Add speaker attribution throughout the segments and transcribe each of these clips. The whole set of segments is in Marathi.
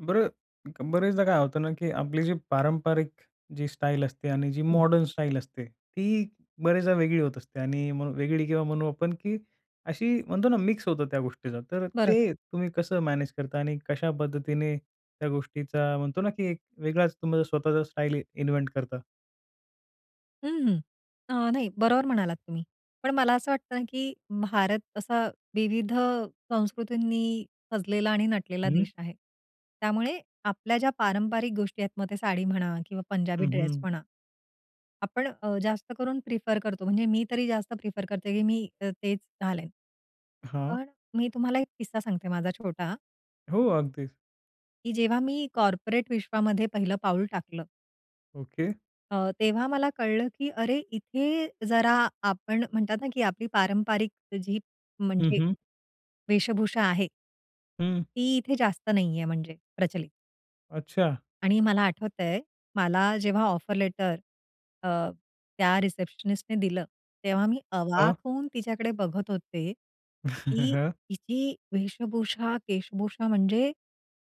Speaker 1: बरं, क बरेचदा काय होतं ना की आपली जी पारंपरिक, जी स्टाईल असते आणि जी
Speaker 2: हं.
Speaker 1: मॉडर्न स्टाईल असते, ती बरेचदा वेगळी होत असते आणि म्हण वेगळी किंवा म्हणू आपण की अशी म्हणतो ना मिक्स होतं त्या गोष्टीचा. तर
Speaker 2: बरं का?
Speaker 1: ते तुम्ही कसं मॅनेज करता? आणि कशा पद्धतीने, त्या गोष्टीचा म्हणतो ना, की एक वेगळाच तुमचा स्वतःचा स्टाईल इन्व्हेंट करता?
Speaker 2: अहं. अ, नाही बरोबर म्हणालात तुम्ही. पण मला असं वाटतं, की भारत असा विविध संस्कृतींनी सजलेला आणि नटलेला
Speaker 1: हं.
Speaker 2: देश आहे. त्यामुळे आपल्या ज्या पारंपारिक गोष्टी आहेत, मग ते साडी म्हणा किंवा
Speaker 1: हं,
Speaker 2: पंजाबी ड्रेस
Speaker 1: हं.
Speaker 2: म्हणा. आपण अ, जास्त करून प्रिफर करतो. म्हणजे मी तरी जास्त प्रिफर करते, की मी तेच घालेल.
Speaker 1: हां.
Speaker 2: पण मी तुम्हाला एक किस्सा सांगते माझा छोटा
Speaker 1: हो. अगदीच.
Speaker 2: की जेव्हा मी कॉर्पोरेट विश्वामध्ये पहिलं पाऊल टाकलं.
Speaker 1: ओके.
Speaker 2: अ, तेव्हा मला कळलं, की अरे! इथे जरा आपण म्हणतात ना, की आपली पारंपरिक जी
Speaker 1: हं,
Speaker 2: म्हणजे,
Speaker 1: हं.
Speaker 2: वेशभूषा आहे.
Speaker 1: हं.
Speaker 2: ती इथे जास्त नाही आहे म्हणजे प्रचलित.
Speaker 1: अच्छा.
Speaker 2: आणि मला आठवत आहे, मला जेव्हा ऑफर लेटर अ, त्या रिसेप्शनिस्टने दिलं, तेव्हा मी
Speaker 1: अ.
Speaker 2: अवाक होऊन तिच्याकडे बघत होते, की
Speaker 1: हं.
Speaker 2: हिची वेशभूषा, केशभूषा म्हणजे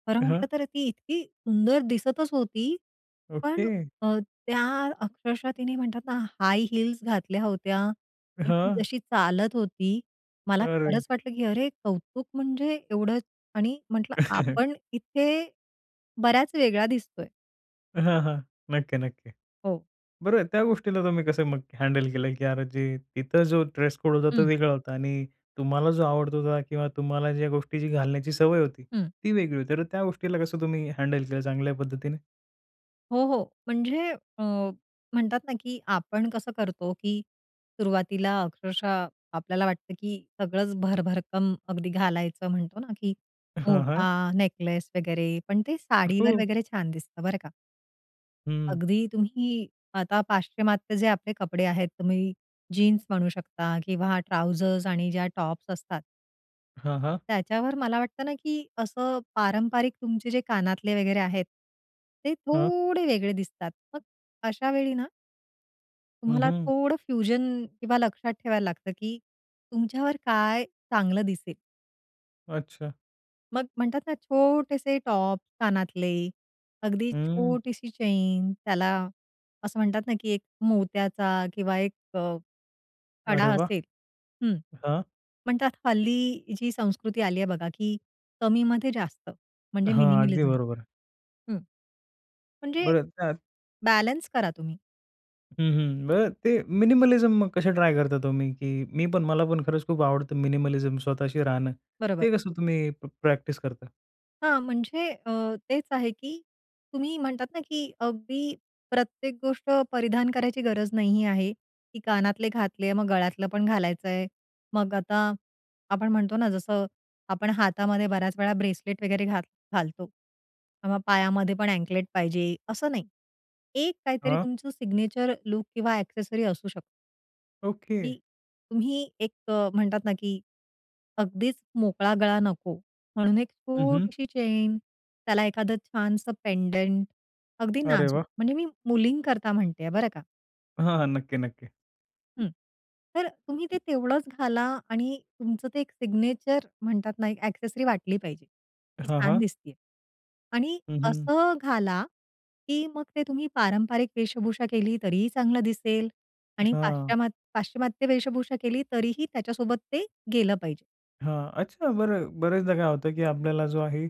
Speaker 2: खरं
Speaker 1: हं.
Speaker 2: म्हटलं तर ती इतकी सुंदर दिसतच होती. पण
Speaker 1: ओके.
Speaker 2: अ, त्या अक्षरशः तिने म्हणतात ना, हाय हील्स घातल्या होत्या आणि ती
Speaker 1: हं.
Speaker 2: जशी चालत होती, मला
Speaker 1: अरे!
Speaker 2: खरंच वाटलं, की अरे कौतुक म्हणजे एवढं आणि म्हंटलं आपण इथे बऱ्याच वेगळा दिसतोय.
Speaker 1: हां, हां. नक्की, नक्की.
Speaker 2: हो.
Speaker 1: बरं त्या गोष्टीला तुम्ही कसं मग हँडल केलं, की अरे जे इथं जो ड्रेस कोड होता, तो
Speaker 2: हं.
Speaker 1: वेगळा होता आणि तुम्हाला जो आवडत होता किंवा तुम्हाला ज्या गोष्टीची घालण्याची सवय होती,
Speaker 2: हं.
Speaker 1: ती वेगळी होती. तर त्या गोष्टीला कसं तुम्ही हँडल केलं चांगल्या पद्धतीने?
Speaker 2: हो, हो. म्हणजे अ, म्हणतात ना, की आपण कसं करतो की सुरुवातीला अक्षरशः आपल्याला वाटतं, की सगळंच भरभरकम अगदी घालायचं म्हणतो ना कि
Speaker 1: हां, हां.
Speaker 2: मोठा नेकलेस वगैरे. पण ते साडीवर
Speaker 1: हो.
Speaker 2: वगैरे छान दिसतं बरं का.
Speaker 1: हं.
Speaker 2: अगदी तुम्ही आता पाश्चिमात्य जे आपले कपडे आहेत, तुम्ही जीन्स म्हणू शकता किंवा ट्राउझर्स आणि ज्या टॉप्स असतात.
Speaker 1: हां, हां.
Speaker 2: त्याच्यावर मला वाटतं ना, की असं पारंपरिक तुमचे जे कानातले वगैरे आहेत. ते
Speaker 1: हां.
Speaker 2: थोडे वेगळे दिसतात. मग अशा वेळी ना.
Speaker 1: हं,
Speaker 2: तुम्हाला
Speaker 1: हं.
Speaker 2: थोडं फ्युजन किंवा लक्षात ठेवायला लागतं, की तुमच्यावर काय चांगलं दिसेल.
Speaker 1: अच्छा!
Speaker 2: मग म्हणतात ना, छोटेसे टॉप, कानातले, अगदी
Speaker 1: हं.
Speaker 2: छोटीशी चैन त्याला असं म्हणतात ना, की एक मोत्याचा किंवा एक कडा
Speaker 1: अरे वाह!
Speaker 2: असेल. हं.
Speaker 1: हां.
Speaker 2: पण त्यात हल्ली जी संस्कृती आली आहे बघा, की कमीमध्ये जास्त म्हणजे
Speaker 1: हां, अगदी
Speaker 2: मिनिमलिझम.
Speaker 1: बरोबर.
Speaker 2: हं, म्हणजे
Speaker 1: बरं, त्यात.
Speaker 2: बॅलन्स करा तुम्ही.
Speaker 1: हं, हं. बरं ते मिनिमलिझम कसे ट्राय करता तुम्ही? की मी पण, मला पण खरंच खूप आवडतं मिनिमलिझम स्वतःशी राहणं.
Speaker 2: बरोबर.
Speaker 1: ते कसं तुम्ही प प्रॅक्टिस करता?
Speaker 2: हां, म्हणजे अ, तेच आहे, कि तुम्ही म्हणतात ना, की अगदी प्रत्येक गोष्ट परिधान करायची गरज नाही आहे. की कानातले घातले, मग गळ्यातलं पण घालायच आहे. मग आता आपण म्हणतो ना, जसं आपण हातामध्ये बऱ्याच वेळा ब्रेसलेट वगैरे घाल घालतो किंवा मग पायामध्येपण अँकलेट पाहिजे असं नाही. एक काहीतरी
Speaker 1: हं.
Speaker 2: तुमचं सिग्नेचर लूक किंवा एक्सेसरी असू शकतं.
Speaker 1: ओके.
Speaker 2: मी, तुम्ही एक अ, म्हणतात ना, की अगदीच मोकळा गळा नको म्हणून एक,
Speaker 1: हं, हं.
Speaker 2: छोटीशी चैन, त्याला एखादं छानसं पेंडेंट. अगदी
Speaker 1: अरे
Speaker 2: नाजूक
Speaker 1: वाह!
Speaker 2: म्हणजे मी मुलींकरता म्हणते आहे, बरं का.
Speaker 1: हां, हां. नक्की, नक्की.
Speaker 2: हं. तर तुम्ही ते तेवढंच घाला आणि तुमचं ते एक सिग्नेचर म्हणतात ना, एक ॲक्सेसरी वाटली पाहिजे. ती
Speaker 1: हां,
Speaker 2: छान
Speaker 1: हां.
Speaker 2: दिसतेय. आणि
Speaker 1: हं, हं.
Speaker 2: असं घाला, की मग ते तुम्ही पारंपरिक वेशभूषा केली तरीही चांगलं दिसेल आणि
Speaker 1: हां.
Speaker 2: पाश्चमा पाश्चिमात्य वेशभूषा केली तरीही त्याच्या सोबत ते गेलं पाहिजे.
Speaker 1: हां, अच्छा. बरं, बऱ्याचदा काय होतं की आपल्याला जो आहे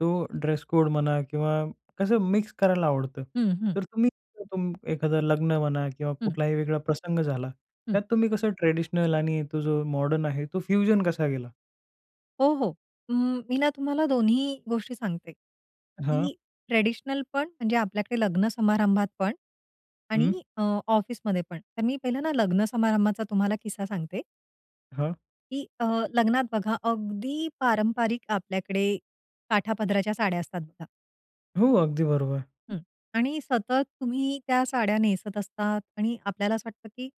Speaker 1: तो ड्रेस-कोड म्हणा किंवा कसं मिक्स करायला आवडतं.
Speaker 2: हं, हं.
Speaker 1: तर तुम्ही [unintelligible] एखादा लग्न म्हणा किंवा
Speaker 2: हं.
Speaker 1: कुठलाही वेगळा प्रसंग झाला,
Speaker 2: हं.
Speaker 1: त्यात तुम्ही कसं ट्रेडिशनल आणि तो जो मॉडर्न आहे तो फ्युजन कसा केला?
Speaker 2: हो, हो. अ, मी ना तुम्हाला दोन्ही गोष्टी सांगते.
Speaker 1: हां.
Speaker 2: की ट्रेडिशनल पण म्हणजे आपल्याकडे लग्नसमारंभात पण
Speaker 1: हं.
Speaker 2: आणि अ, ऑफिसमध्ये पण. तर मी पहिलं ना, लग्नसमारंभाचा तुम्हाला किस्सा सांगते.
Speaker 1: हां.
Speaker 2: की अ, लग्नात बघा अगदी पारंपारिक आपल्याकडे काठापदराच्या साड्या असतात बघा.
Speaker 1: हो, अगदी बरोबर.
Speaker 2: हं, आणि सतत तुम्ही त्या साड्या नेसत असतात आणि आपल्याला असं वाटतं, की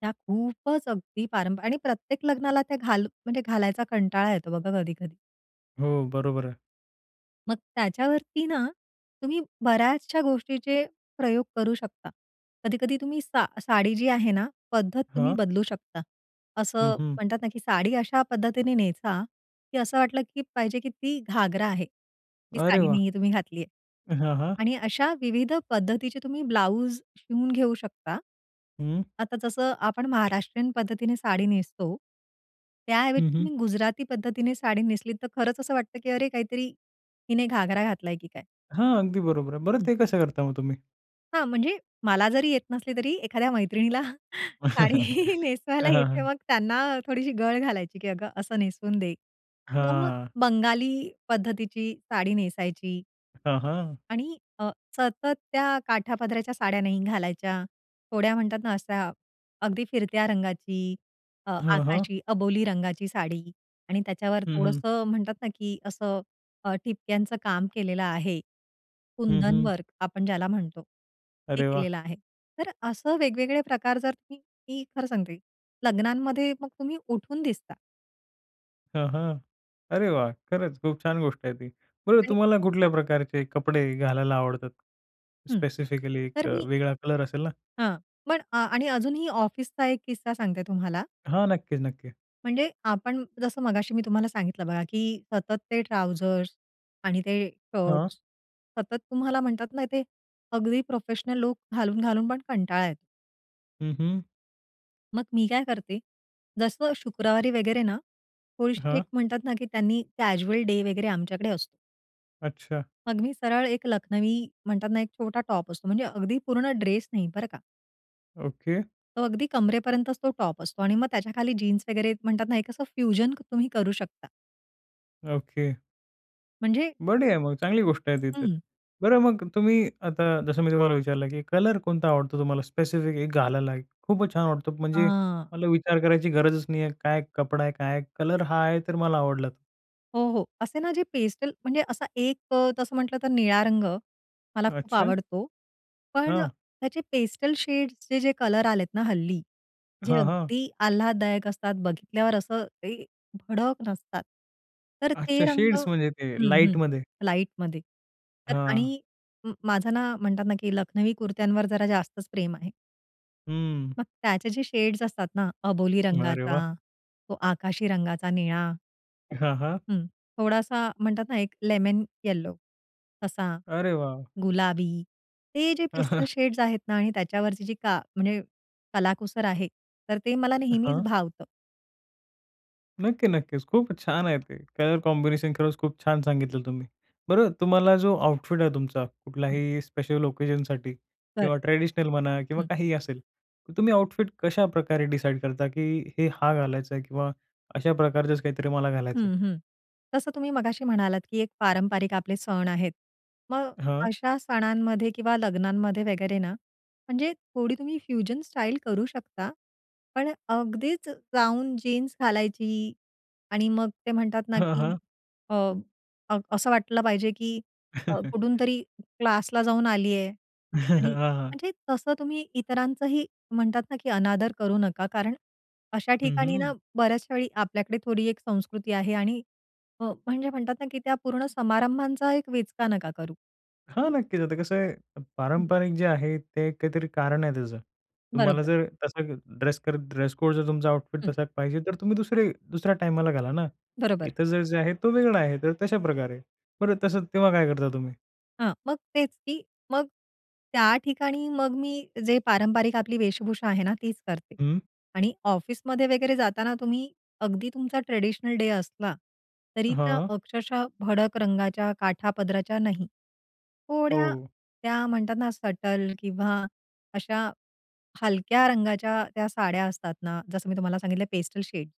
Speaker 2: त्या खूपच अगदी पारंपरिक आणि प्रत्येक लग्नाला त्या घाल म्हणजे घालायचा कंटाळा येतो बघा कधी-कधी.
Speaker 1: हो, बरोबर आहे.
Speaker 2: मग त्याच्यावरती ना, तुम्ही बऱ्याचशा गोष्टीचे प्रयोग करू शकता. कधी-कधी तुम्ही सा साडी जी आहे ना, पद्धत तुम्ही
Speaker 1: हां.
Speaker 2: बदलू शकता.
Speaker 1: हं,
Speaker 2: असं
Speaker 1: हं.
Speaker 2: म्हणतात ना, की साडी अशा पद्धतीने नेसा, की असं वाटलं की पाहिजे की ती घागरा आहे. ती
Speaker 1: अरे
Speaker 2: साडी
Speaker 1: वाह!
Speaker 2: नाहीये तुम्ही घातली आहे
Speaker 1: हां, हां.
Speaker 2: आणि अशा विविध पद्धतीचे तुम्ही ब्लाउज शिवून घेऊ शकता.
Speaker 1: हं.
Speaker 2: आता जसं आपण महाराष्ट्रीयन पद्धतीने साडी नेसतो,
Speaker 1: हं,
Speaker 2: त्याऐवजी
Speaker 1: हं.
Speaker 2: तुम्ही गुजराती पद्धतीने साडी नेसलीत तर खरंच असं वाटतं, की अरे काहीतरी हिने घागरा घातलाय की काय?
Speaker 1: हां, अगदी बरोबर आहे. बरं
Speaker 2: हं.
Speaker 1: ते कसं करता मग तुम्ही?
Speaker 2: हां, म्हणजे मला जरी येत नसली तरी एखाद्या मैत्रिणीला साडी नेसवायला
Speaker 1: हं, हं,
Speaker 2: येते
Speaker 1: हं.
Speaker 2: मग त्यांना थोडीशी गळ घालायची की "अगं असं नेसून दे" किंवा मग
Speaker 1: हां.
Speaker 2: बंगाली पद्धतीची साडी नेसायची.
Speaker 1: हं, हं.
Speaker 2: आणि अ, सतत त्या काठापदराच्या साड्या नाही घालायच्या, थोड्या म्हणतात ना अशा अगदी फिरत्या रंगाची अ,
Speaker 1: हां, हां.
Speaker 2: आकाशी अबोली रंगाची साडी आणि त्याच्यावर
Speaker 1: हं, हं.
Speaker 2: थोडंसं म्हणतात ना, की असं अ, ठिपक्यांचं काम केलेलं आहे.
Speaker 1: हं,
Speaker 2: कुंदन
Speaker 1: हं.
Speaker 2: वर्क आपण ज्याला म्हणतो. हे
Speaker 1: अरे वाह!
Speaker 2: केलेलं आहे. तर असं वेगवेगळे प्रकार जर, मी खरं सांगते लग्नांमध्ये मग तुम्ही उठून दिसता.
Speaker 1: हं, हं. अरे वाह! खरंच खूप छान गोष्ट आहे ती. बरं
Speaker 2: आणि
Speaker 1: तुम्हाला कुठल्या प्रकारचे कपडे घालायला आवडतात?
Speaker 2: हं.
Speaker 1: स्पेसिफिकली एक
Speaker 2: तर
Speaker 1: अ,
Speaker 2: मी
Speaker 1: वेगळा कलर असेल ना?
Speaker 2: हां. पण आ आणि अजूनही ऑफिसचा एक किस्सा सांगते तुम्हाला.
Speaker 1: हां. नक्कीच नक्की.
Speaker 2: म्हणजे आपण जसं मगाशी मी तुम्हाला सांगितलं बघा की सतत ते ट्राउझर्स आणि ते
Speaker 1: हां.
Speaker 2: शर्ट्स सतत तुम्हाला म्हणतात ना ते, अगदी प्रोफेशनल लुक घालून-घालून पण कंटाळा येतो.
Speaker 1: हं, हं.
Speaker 2: मग मी काय करते, जसं शुक्रवारी वगैरे ना थोडीशी
Speaker 1: हां.
Speaker 2: एक म्हणतात ना की त्यांनी कॅज्युअल डे वगैरे आमच्याकडे असतो.
Speaker 1: अच्छा.
Speaker 2: मग मी सरळ एक लखनवी म्हणतात ना, एक छोटा टॉप असतो म्हणजे अगदी पूर्ण ड्रेस नाही बरं का.
Speaker 1: ओके.
Speaker 2: अगदी कमरेपर्यंतच तो टॉप असतो. आणि मग त्याच्याखाली जीन्स वगैरे म्हणतात ना एक असं फ्युजन तुम्ही करू शकता.
Speaker 1: ओके.
Speaker 2: म्हणजे
Speaker 1: बर आहे. मग चांगली गोष्ट आहे ती तर.
Speaker 2: हं.
Speaker 1: बरं मग तुम्ही आता जसं मी तुम्हाला विचारलं, की कलर कोणता आवडतो तुम्हाला स्पेसिफिक एक घालायला? खूप छान वाटतो की म्हणजे
Speaker 2: हां.
Speaker 1: मला विचार करायची गरजच नाहीये. काय कपडा आहे, काय कलर हा आहे. तर मला आवडला.
Speaker 2: हो, हो. असे ना जे पेस्टल म्हणजे असा एक अ, तसं म्हटलं तर निळा रंग, मला खूप
Speaker 1: अच्छा.
Speaker 2: आवडतो, पण
Speaker 1: हां.
Speaker 2: त्याचे पेस्टल शेड्सचे जे कलर आलेत ना हल्ली. जे
Speaker 1: हां, हां.
Speaker 2: अगदी आल्हाददायक असतात, बघितल्यावर असं ते भडक नसतात. तर ते
Speaker 1: अच्छा
Speaker 2: रंग
Speaker 1: शेड्स म्हणजे ते
Speaker 2: हं, हं.
Speaker 1: लाईटमध्ये.
Speaker 2: लाईटमध्ये तर
Speaker 1: हां.
Speaker 2: आणि म माझं ना म्हणतात ना, की लखनवी कुर्त्यांवर जरा जास्तच प्रेम आहे.
Speaker 1: हम्म.
Speaker 2: मग त्याचे जे शेड्स असतात ना, अबोली
Speaker 1: अरे वाह!
Speaker 2: रंगाचा, तो आकाशी रंगाचा निळा
Speaker 1: हां, हां.
Speaker 2: हं. थोडासा म्हणतात ना, एक लेमन येलो तसा,
Speaker 1: अरे वाह!
Speaker 2: गुलाबी. ते जे पेस्टल शेड्स आहेत ना आणि त्याच्यावरची जी का म्हणजे कलाकुसर आहे. तर ते मला नेहमीच
Speaker 1: हां.
Speaker 2: भावतं.
Speaker 1: नक्की, नक्कीचं. खूपचं छान आहे ते कलर कॉम्बिनेशन. खरचं खूप छान सांगितलं तुम्ही. बरं तुम्हाला जो आउटफिट आहे तुमचा
Speaker 2: हं.
Speaker 1: कुठल्याही स्पेशल ओकेजनसाठी
Speaker 2: बरं.
Speaker 1: किंवा ट्रेडिशनल म्हणा किंवा
Speaker 2: हं.
Speaker 1: काहीही असेल. तर तुम्ही आउटफिट कशाप्रकारे डिसाईड करता की हे हा घालायचंय? किंवा अशा प्रकारचचं काहीतरी मला घालायचंय?
Speaker 2: हं, हं. तसं तुम्ही मगाशी म्हणालात की एक पारंपरिक आपले सण आहेत. मग
Speaker 1: हं.
Speaker 2: अशा सणांमध्ये किंवा लग्नांमध्ये वगैरे ना म्हणजे थोडी तुम्ही फ्युजन स्टाईल करू शकता. पण अगदीचं जाऊन जीन्स घालायची आणि मग ते म्हणतात ना
Speaker 1: हं,
Speaker 2: की
Speaker 1: हं.
Speaker 2: अ, अ, असं वाटलं पाहिजे की अ, कुठूनतरी क्लासला जाऊन आलीये आणि
Speaker 1: हां, हां.
Speaker 2: म्हणजे तसं तुम्ही इतरांचही म्हणतात ना, की अनादर करू नका, कारण अशा
Speaker 1: हं,
Speaker 2: ठिकाणी
Speaker 1: हं.
Speaker 2: ना बऱ्याचशावेळी आपल्याकडे थोडी एक संस्कृती आहे आणि अ, म्हणजे म्हणतात ना की त्या पूर्ण समारंभाचा एक विचका नका करू
Speaker 1: हां.
Speaker 2: हं.
Speaker 1: नक्कीचं. आता कसं आहे?
Speaker 2: हं.
Speaker 1: पारंपरिक जे आहे ते काहीतरी कारण आहे त्याचं. तुम्हाला
Speaker 2: बरोबर.
Speaker 1: जर तसा ड्रेस, ड्रेस कोड जर तुमचा आउटफिट
Speaker 2: हं.
Speaker 1: तसा पाहिजे. तर तुम्ही 2री दुसऱ्या टाईमाला घाला ना.
Speaker 2: बरोबर.
Speaker 1: इथं जे आहे तो वेगळा आहे. तर तशाप्रकारे बरं तसं, तेव्हा काय करता तुम्ही?
Speaker 2: हां, मग तेच, की मग त्या ठिकाणी मग मी जे पारंपारिक आपली वेशभूषा आहे ना, तीच करते.
Speaker 1: हं.
Speaker 2: आणि ऑफिसमध्ये वगैरे जाताना तुम्ही अगदी तुमचा ट्रेडिशनल डे असला, तरी त्या
Speaker 1: हां.
Speaker 2: अक्षरशः भडक रंगाच्या काठापदराच्या नाही. थोड्या,
Speaker 1: हो.
Speaker 2: त्या म्हणतात ना सटल किंवा अशा हलक्या रंगाच्या त्या साड्या असतात ना, जसं मी तुम्हाला सांगितलंय पेस्टल शेड.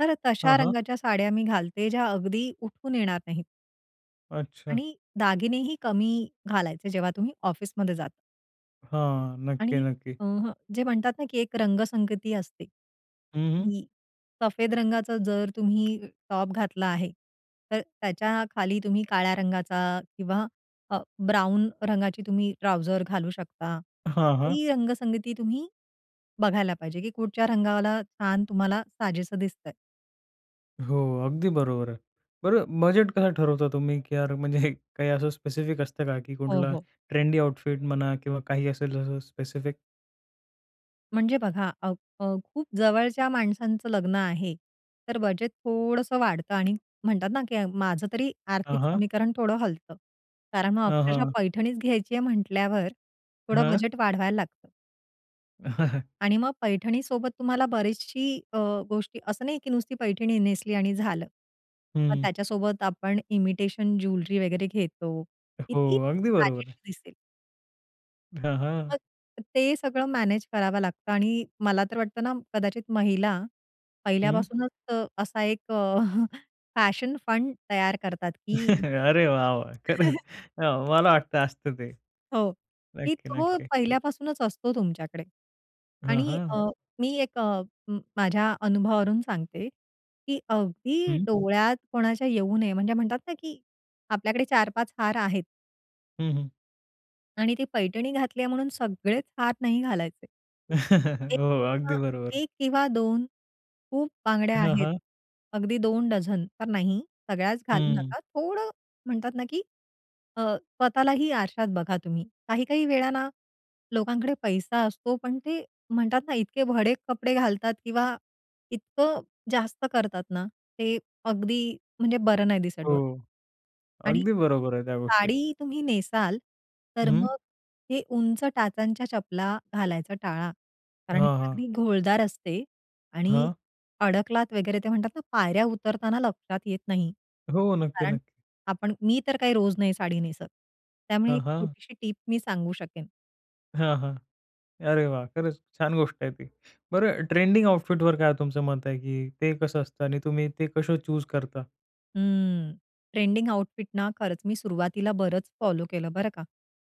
Speaker 2: तर
Speaker 1: हां,
Speaker 2: तशा
Speaker 1: हां.
Speaker 2: रंगाच्या साड्या मी घालते, ज्या अगदी उठून येणार नाहीत.
Speaker 1: अच्छा.
Speaker 2: आणि दागिनेही कमी घालायचे जेव्हा तुम्ही ऑफिसमध्ये जाता.
Speaker 1: हां, नक्की,
Speaker 2: आणि
Speaker 1: नक्की.
Speaker 2: अ, हं जे म्हणतात ना, की एक रंगसंगती असते.
Speaker 1: हं, हं.
Speaker 2: हं सफेद रंगाचा जर तुम्ही टॉप घातला आहे. तर त्याच्याखाली तुम्ही काळ्या रंगाचा किंवा अ, ब्राउन रंगाची तुम्ही ट्राउझर घालू शकता
Speaker 1: हां, हां.
Speaker 2: ही रंगसंगती तुम्ही बघायला पाहिजे, की कुठच्या रंगाला छान तुम्हाला साजेसं दिसतंय.
Speaker 1: हो, अगदी बरोबर आहे. बरं बजेट कसं ठरवता तुम्ही? की यार म्हणजे काही असं स्पेसिफिक असतं का की
Speaker 2: हो,
Speaker 1: कुठला
Speaker 2: हो.
Speaker 1: ट्रेंडी आउटफिट म्हणा किंवा काही असेल तसं स्पेसिफिक?
Speaker 2: म्हणजे बघा, अ, खूप जवळच्या माणसांचं लग्न आहे, तर बजेट थोडंसं वाढतं आणि म्हणतात ना, की माझं तरी
Speaker 1: हां,
Speaker 2: आर्थिक
Speaker 1: हां.
Speaker 2: समीकरण थोडं हलत. कारण मग
Speaker 1: हां,
Speaker 2: अक्षरशः
Speaker 1: हां.
Speaker 2: पैठणीच घ्यायची आहे म्हंटल्यावर, थोडं
Speaker 1: हं.
Speaker 2: बजेट वाढवायला लागतं. आणि मग पैठणी सोबत तुम्हाला बरीचशी अ, गोष्टी असं नाही की नुसती पैठणी नेसली आणि झालं. मग
Speaker 1: हं.
Speaker 2: त्याच्यासोबत आपण इमिटेशन ज्वेलरी वगैरे घेतो.
Speaker 1: हो,
Speaker 2: कीती
Speaker 1: अगदी बरोबर आहे.
Speaker 2: साजेशी दिसेल.
Speaker 1: हां, हां.
Speaker 2: मग ते सगळं मॅनेज करावं लागतं आणि मला तर वाटतं ना, कदाचित महिला
Speaker 1: हं.
Speaker 2: पहिल्यापासूनच अ, असा एक फॅशन फंड तयार करतात की
Speaker 1: अरे वाह, वाह! खरंच मला वाटतं असतं ते.
Speaker 2: हो, ही
Speaker 1: नक्की,
Speaker 2: तो
Speaker 1: नक्की.
Speaker 2: पहिल्यापासूनच असतो तुमच्याकडे
Speaker 1: हां,
Speaker 2: आणि
Speaker 1: हां.
Speaker 2: अ, मी एक अ, माझ्या अनुभवावरून सांगते, की अगदी
Speaker 1: हं,
Speaker 2: डोळ्यात कोणाच्या येऊ नये, म्हणजे म्हणतात ना, की आपल्याकडे 4-5 हार आहेत.
Speaker 1: हं, हं.
Speaker 2: आणि ती पैठणी घातल्या म्हणून सगळेच हार नाही घालायचे. 1
Speaker 1: हो.
Speaker 2: अ,
Speaker 1: अगदी बरोबर.
Speaker 2: 1 किंवा 2 खूप बांगड्या
Speaker 1: हां,
Speaker 2: आहेत,
Speaker 1: हां.
Speaker 2: अगदी 2 डझन तर नाही. सगळ्याच घालू
Speaker 1: हं.
Speaker 2: नका. थोडं म्हणतात ना, की अ, स्वतःलाही आरशात बघा तुम्ही. काही-काही वेळा ना, लोकांकडे पैसा असतो, पण ते म्हणतात ना, इतके भडक कपडे घालतात किंवा इतकं जास्त करतात ना, ते अगदी म्हणजे बरं नाही दिसत
Speaker 1: हो,
Speaker 2: डोळ्याला. आणि
Speaker 1: अगदी बरोबर आहे त्या गोष्टी.
Speaker 2: साडी तुम्ही नेसाल, तर
Speaker 1: हं.
Speaker 2: मग हे उंच टाचांच्या चपला घालायचा टाळा, कारण
Speaker 1: हां,
Speaker 2: ती
Speaker 1: हां.
Speaker 2: अगदी घोळदार असते आणि
Speaker 1: हां.
Speaker 2: अडकलात वगैरे. ते म्हणतात ना, पायऱ्या उतरताना लक्षात येत नाही.
Speaker 1: हो, नक्की,
Speaker 2: कारण
Speaker 1: नक्की.
Speaker 2: आपण मी तर काही रोज नाही साडी नेसत. त्यामुळे
Speaker 1: हां,
Speaker 2: एक
Speaker 1: हां.
Speaker 2: छोटीशी टिप मी सांगू शकेन.
Speaker 1: हां, हां, अरे, वाह! खरंच छान गोष्ट आहे ती. बरं, ट्रेंडिंग आउटफिट वर काय तुमचं मत आहे, की ते कसं असतं आणि तुम्ही ते कसं चूज करता?
Speaker 2: हं, ट्रेंडिंग आउटफिट ना, खरंच मी सुरुवातीला बरंच फॉलो केलं, बरं का.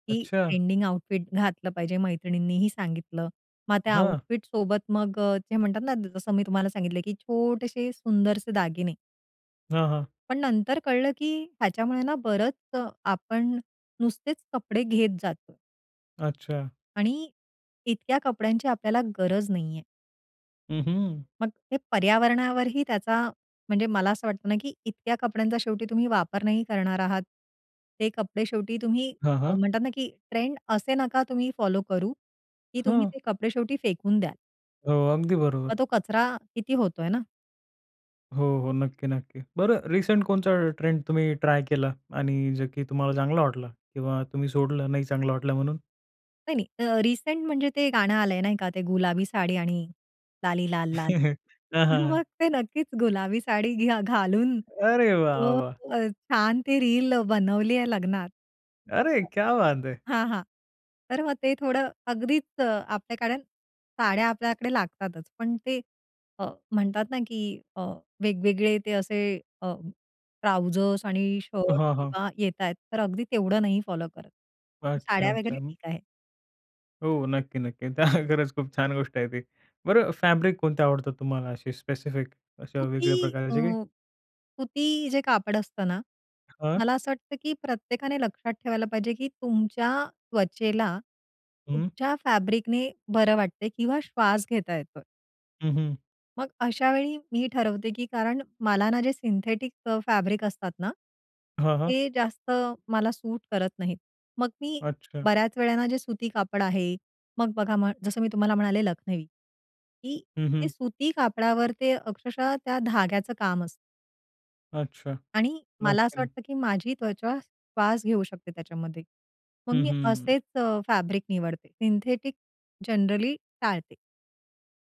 Speaker 2: की
Speaker 1: अच्छा.
Speaker 2: ट्रेंडिंग आउटफिट घातलं पाहिजे, मैत्रिणींनीही सांगितलं. मग त्या
Speaker 1: हां.
Speaker 2: आउटफिट सोबत मग अ, जे म्हणतात ना, जसं मी तुम्हाला सांगितलं, की छोटेसे सुंदरसे दागिने.
Speaker 1: हां, हां.
Speaker 2: पण नंतर कळलं, की ह्याच्यामुळे ना बरंच आपण नुसतेच कपडे घेत जातो.
Speaker 1: अच्छा.
Speaker 2: आणि इतक्या कपड्यांची आपल्याला गरज नाहीये.
Speaker 1: हं, हं.
Speaker 2: मग हे पर्यावरणावरही त्याचा, म्हणजे मला असं वाटतं ना, की इतक्या कपड्यांचा शेवटी तुम्ही वापर नाही करणार आहात. ते कपडे शेवटी तुम्ही
Speaker 1: हां,
Speaker 2: अ,
Speaker 1: हां.
Speaker 2: म्हणतात ना, की ट्रेंड असे नका तुम्ही फॉलो करू, की तुम्ही
Speaker 1: हां.
Speaker 2: ते कपडे शेवटी फेकून द्याल.
Speaker 1: अ, अगदी बरोबर.
Speaker 2: मग तो कचरा किती होतोय ना?
Speaker 1: हो, हो, नक्की, नक्की. बरं, रिसेंट कोणचा ट्रेंड तुम्ही ट्राय केला आणि जे की तुम्हाला चांगला वाटला किंवा तुम्ही सोडलं नाही चांगला वाटला म्हणून?
Speaker 2: नाही नाही, रिसेंट म्हणजे ते गाणं आलंय नाही का, ते गुलाबी साडी आणि लाली लाल लाल.
Speaker 1: हां,
Speaker 2: मग
Speaker 1: हां.
Speaker 2: ते नक्कीच गुलाबी साडी घ्या घालून,
Speaker 1: अरे वाह!
Speaker 2: तो
Speaker 1: वाह!
Speaker 2: अ, छान ते रील बनवली आहे लग्नात.
Speaker 1: अरे क्या बात है!
Speaker 2: हां, हां. तर मग ते थोडं अगदीच आपल्याकडे साड्या आपल्याकडे लागतातच. पण ते म्हणतात ना, की अ, वेगवेगळे ते असे अ, ट्राउझर्स आणि शर्ट्स
Speaker 1: हां, हां.
Speaker 2: किंवा येतायेत, तर अगदी तेवढं नाही फॉलो करत.
Speaker 1: अच्छा,
Speaker 2: साड्या वगैरे
Speaker 1: अच्छा.
Speaker 2: ठीक आहे.
Speaker 1: हो, नक्की-नक्की. त्या खरंच खूप छान गोष्ट आहे ती. बरं फॅब्रिक कोणती आवडतात तुम्हाला अशी स्पेसिफिक. अशा
Speaker 2: सुती
Speaker 1: वेगळ्या
Speaker 2: अ,
Speaker 1: प्रकारचे काही?
Speaker 2: सुती जे कापड असतं ना.
Speaker 1: हां.
Speaker 2: मला असं वाटतं, की प्रत्येकाने लक्षात ठेवायला पाहिजे, की तुमच्या त्वचेला.
Speaker 1: हं.
Speaker 2: कुठच्या फॅब्रिकने बरं वाटतंय किंवा श्वास घेता येतोय.
Speaker 1: हं, हं.
Speaker 2: मग अशावेळी मी ठरवते, की कारण मला ना जे सिंथेटिक फॅब्रिक असतात ना,
Speaker 1: हां, हां.
Speaker 2: ते जास्त मला सूट करत नाहीत. मग मी
Speaker 1: अच्छा.
Speaker 2: बऱ्याच वेळेला जे सुती कापड आहे. मग बघा म जसं मी तुम्हाला म्हणाले लखनवी, की
Speaker 1: हं,
Speaker 2: ते
Speaker 1: हं.
Speaker 2: सुती कापडावर ते अक्षरशः त्या धाग्याचं काम असतं.
Speaker 1: अच्छा.
Speaker 2: आणि मला
Speaker 1: नक्की,
Speaker 2: असं
Speaker 1: नक्की.
Speaker 2: वाटतं, की माझी त्वचा श्वास घेऊ शकते त्याच्यामध्ये. मग
Speaker 1: हं,
Speaker 2: मी
Speaker 1: हं.
Speaker 2: असेच फॅब्रिक निवडते, सिंथेटिक जनरली टाळते.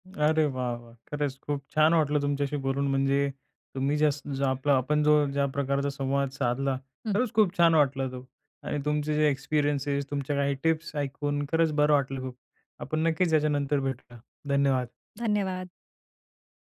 Speaker 1: अरे वाह! वाह! खरंच खूप छान वाटलं तुमच्याशी बोलून म्हणजे. तुम्ही जे अस जो आपला आपण जो ज्या प्रकारचा संवाद साधला,
Speaker 2: हं.
Speaker 1: खरंच खूप छान वाटला तो. आणि तुमचे जे एक्सपिरियन्स, तुमच्या काही टिप्स ऐकून खरंच बरं वाटलं खूप. आपण नक्कीच याच्यानंतर भेटू या. धन्यवाद.
Speaker 2: धन्यवाद.